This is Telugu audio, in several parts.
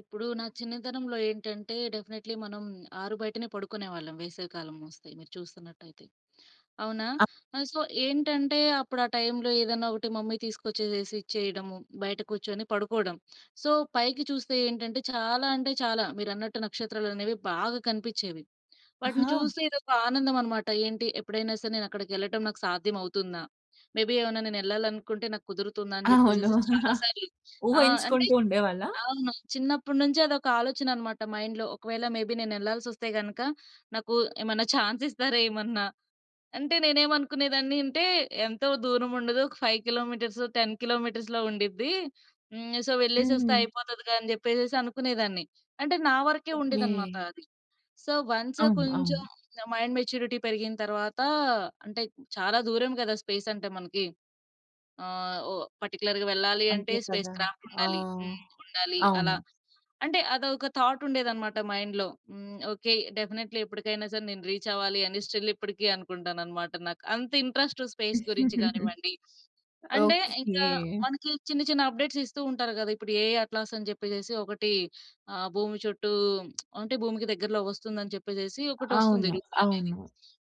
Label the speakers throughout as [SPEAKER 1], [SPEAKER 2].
[SPEAKER 1] ఇప్పుడూ నా చిన్నతనంలో ఏంటంటే, డెఫినెట్లీ మనం ఆరు బయటనే పడుకునే వాళ్ళం, వేసవి కాలమొస్తే, మీరు చూస్తున్నట్టయితే. అవునా!
[SPEAKER 2] అ
[SPEAKER 1] ఆహ్, సో, ఏంటంటే, అప్పుడా టైంలో ఏదైనా ఒకటి మమ్మీ తీసుకొచ్చేసేసి ఇచ్చేయడము, బయట కూర్చొని పడుకోడం. సో, పైకి చూస్తే ఏంటంటే, చాలా అంటే, చాలా మీరన్నట్టు నక్షత్రాలనేవి బాగా కనిపిచ్చేవి. వాటిని
[SPEAKER 2] ఆహా!
[SPEAKER 1] చూస్తే ఇదొక ఆనందం అనమాట, ఏంటి, ఎప్పుడైనా సరే నేనక్కడికెళ్ళటం నాకు సాధ్యం అవుతుందా! మేబీ ఏవన్న నేనెళ్ళాలనుకుంటే, నాకు కుదురుతుందా! అని
[SPEAKER 2] అవును.
[SPEAKER 1] జెప్పేసేసి చాలా సార్లు. ఆ! అంటే
[SPEAKER 2] ఊహించుకుంటూ ఉండేవాళ్ళా?
[SPEAKER 1] అవును. చిన్నప్పుడి నుంచీ అదొక ఆలోచనన్నమాట మైండ్‌లో. ఒకవేళ మేబీ నేనెళ్లాల్సొస్తే గనక, నాకు ఏమన్నా చాన్సిస్తారా ఏమన్నా! అంటే, నేనేమనుకునేదాన్ని అంటే, ఎంతో దూరం ఉండదు, ఒక 5 కిలోమీటర్స్, 10 కిలోమీటర్స్‌లో ఉండిద్ది. హ్మ్. సో, వెళ్ళేసొస్తే
[SPEAKER 2] హ్మ్.
[SPEAKER 1] అయిపోతదిగా అని జెప్పేసేసి అనుకునేదాన్ని. అంటే, నా వరకే
[SPEAKER 2] ఓకే.
[SPEAKER 1] ఉండేదనమాట అది. సో, వన్స్
[SPEAKER 2] అవును.
[SPEAKER 1] కొంచెం,
[SPEAKER 2] అవును.
[SPEAKER 1] నా మైండ్ మెచ్యూరిటీ పెరిగిన తరవాతా అంటే చాలా దూరం గదా! స్పేసంటే మనకీ. ఆహ్, ఓహ్, పర్టిక్యులర్‌గా వెళ్ళాలి అంటే,
[SPEAKER 2] అంతే
[SPEAKER 1] స్పేస్
[SPEAKER 2] కదా!
[SPEAKER 1] క్రాఫ్ట్
[SPEAKER 2] ఆ!
[SPEAKER 1] ఉండాలి. హ్మ్. ఉండాలి. అలా
[SPEAKER 2] అవును.
[SPEAKER 1] అంటే, అదొక థాటుండేదనమాట మైండ్‌‌లో. హ్మ్. ఓకే. డెఫినెట్లీ ఎప్పటికైనా సరే, నేను రీచ్ అవ్వాలి అని, స్టిల్ ఇప్పడికీ అనుకుంటాననమాట. నాకు అంత ఇంట్రెస్టు, స్పేస్ గురించి గానివ్వండి అంటే,
[SPEAKER 2] ఓకే.
[SPEAKER 1] ఇంకా మనకి చిన్న చిన్న అప్‌డేట్స్ ఇస్తూ ఉంటారు గదా! ఇప్పుడు ఏఐ అట్లాస్ అని జెప్పేసేసి ఒకటి ఆహ్, భూమి చుట్టూ అంటే భూమికి దగ్గరలోకొస్తుందని జెప్పేసేసి, ఒకటొస్తుంది
[SPEAKER 2] అవును.
[SPEAKER 1] రూమరనేది.
[SPEAKER 2] అవును.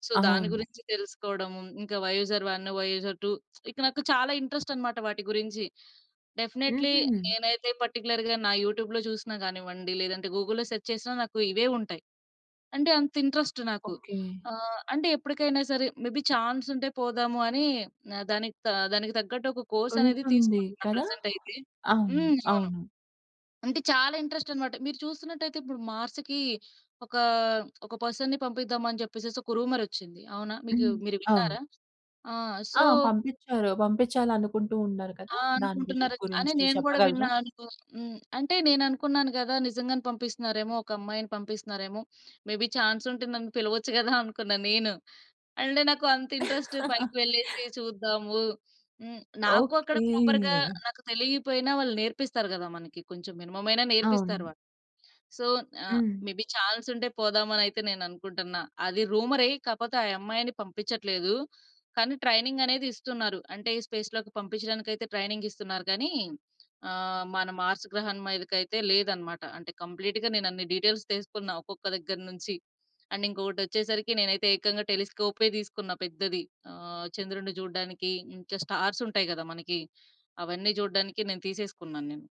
[SPEAKER 1] సో, దాని
[SPEAKER 2] అవును.
[SPEAKER 1] గురించి తెలుసుకోడము, ఇంకా వయూజర్ 1, వయూజర్ 2 ఇక నాకు చాలా ఇంట్రెస్టనమాట వాటి గురించి. డెఫినెట్లీ
[SPEAKER 2] హుహు.
[SPEAKER 1] నేనయితే పర్టిక్యులర్‌గా నా యూట్యూబ్‌లో చూసినా గానివ్వండి, లేదంటే గూగుల్‌లో సెర్చ్ చేసినా, నాకు ఇవే ఉంటాయి. అంటే అంత ఇంట్రెస్టు నాకు.
[SPEAKER 2] ఓకే.
[SPEAKER 1] ఆహ్, అంటే ఎప్పడికైనా సరే, మేబీ చాన్సుంటే, పోదాము అని ఆహ్, దానికి తా దానికి తగ్గట్టొక కోర్సనేది
[SPEAKER 2] ఉంటుంది.
[SPEAKER 1] తీసుకుంటున్నా
[SPEAKER 2] కదా!
[SPEAKER 1] ప్రెజెంటయితే.
[SPEAKER 2] అవును.
[SPEAKER 1] హ్మ్. అవును.
[SPEAKER 2] అవును.
[SPEAKER 1] అంటే, చాలా ఇంట్రెస్టనమాట. మీరు చూస్తున్నట్టయితే, ఇప్పుడు మార్స్‌కీ ఒకా, ఒక పర్సన్‌ని పంపిద్దాం అని చెప్పేసేసి ఒక రూమరొచ్చింది, అవునా! మీకు
[SPEAKER 2] హ్మ్.
[SPEAKER 1] మీరు
[SPEAKER 2] అవును.
[SPEAKER 1] విన్నారా? ఆ!
[SPEAKER 2] ఆ!
[SPEAKER 1] సో
[SPEAKER 2] పంపిచ్చారు. పంపిచ్చాలనుకుంటూ ఉన్నారు
[SPEAKER 1] ఆ!
[SPEAKER 2] కదా! దాని గుజు
[SPEAKER 1] అనుకుంటున్నారు. అనే
[SPEAKER 2] గురించి
[SPEAKER 1] నేను గూడా
[SPEAKER 2] చెప్పగలరా?
[SPEAKER 1] విన్నా అనుకో హ్మ్. అంటే, నేననుకున్నాను గదా! నిజంగానే పంపిస్తున్నారేమో, ఒక అమ్మాయిని పంపిస్తున్నారేమో! మేబి చాన్సుంటే, నన్ను పిలవచ్చు గదా! అనుకున్నాను నేను. అంటే నాకు అంత ఇంట్రెస్టు, పైకి వెళ్ళేసి చూద్దాము, హ్మ్. నాకూ అక్కడ
[SPEAKER 2] ఓకే.
[SPEAKER 1] ప్రాపర్‌గా నాకు తెలీకపోయినా వాళ్ళు నేర్పిస్తారు గదా! మనకి. కొంచెం మినిమమయినా నేర్పిస్తారు
[SPEAKER 2] అవును.
[SPEAKER 1] వాళ్ళు. So, ah,
[SPEAKER 2] hmm.
[SPEAKER 1] మేబి చాన్సుంటే, పోదామనయితే నేననుకుంటున్నా. అది రూమరే, కాపోతే ఆ యమ్మాయిని పంపించట్లేదు. కానీ, ట్రైనింగనేది ఇస్తున్నారు. అంటే, స్పేస్‌లోకి పంపిచ్చడానికయితే ట్రైనింగిస్తున్నారు గానీ, ఆహ్, మన మార్స్ గ్రహం మీదకయితే లేదనమాట. అంటే కంప్లీటుగా నేనన్ని డీటెయిల్స్ తీసుకున్న. ఒక్కొక్క దగ్గర నుంచి. అండ్ ఇంకొకటొచ్చేసరికి, నేనయితే ఏకంగా టెలిస్కోపే దీసుకున్న పెద్దది. ఆహ్, చంద్రుడిని చూడడానికి, ఇంకా స్టార్సుంటాయి గదా మనకీ! అవన్నీ జూడడానికి నేను తీసేసుకున్నాన్నేను.